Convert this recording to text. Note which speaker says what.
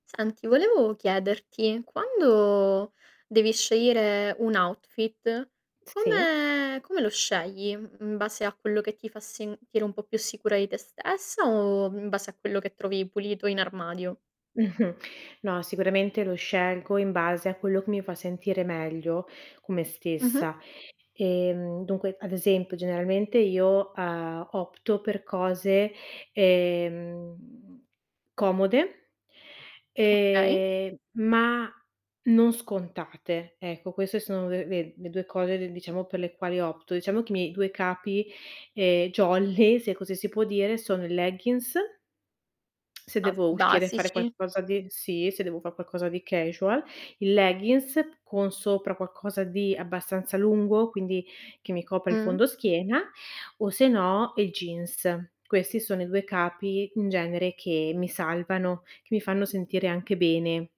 Speaker 1: Senti, volevo chiederti, quando devi scegliere un outfit,
Speaker 2: S sì.
Speaker 1: come come lo scegli? In base a quello che ti fa sentire un po' più sicura di te stessa, o in base a quello che trovi pulito in armadio?
Speaker 2: Mh-mh. No, sicuramente lo scelgo in base a quello che mi fa sentire meglio con me
Speaker 1: Mh-mh.
Speaker 2: stessa. Ehm, dunque, ad esempio generalmente io, uhm, opto per cose, ehm, comode
Speaker 1: Okay.
Speaker 2: ehm, ma non scontate. Ecco, queste sono le ve le 2 cose re diciamo per le quali opto. Diciamo che i miei due capi, ehm, jolly, se così si può dire, sono i leggins se
Speaker 1: Ah,
Speaker 2: devo uscire e fare
Speaker 1: basici.
Speaker 2: qualcosa di sì, se devo far qualcosa di casual. Il leggins con sopra qualcosa di abbastanza lungo, quindi che mi copra il
Speaker 1: Mh.
Speaker 2: fondoschiena, o se no il jeans. Questi sono i due capi in genere che mi salvano, che mi fanno sentire anche bene.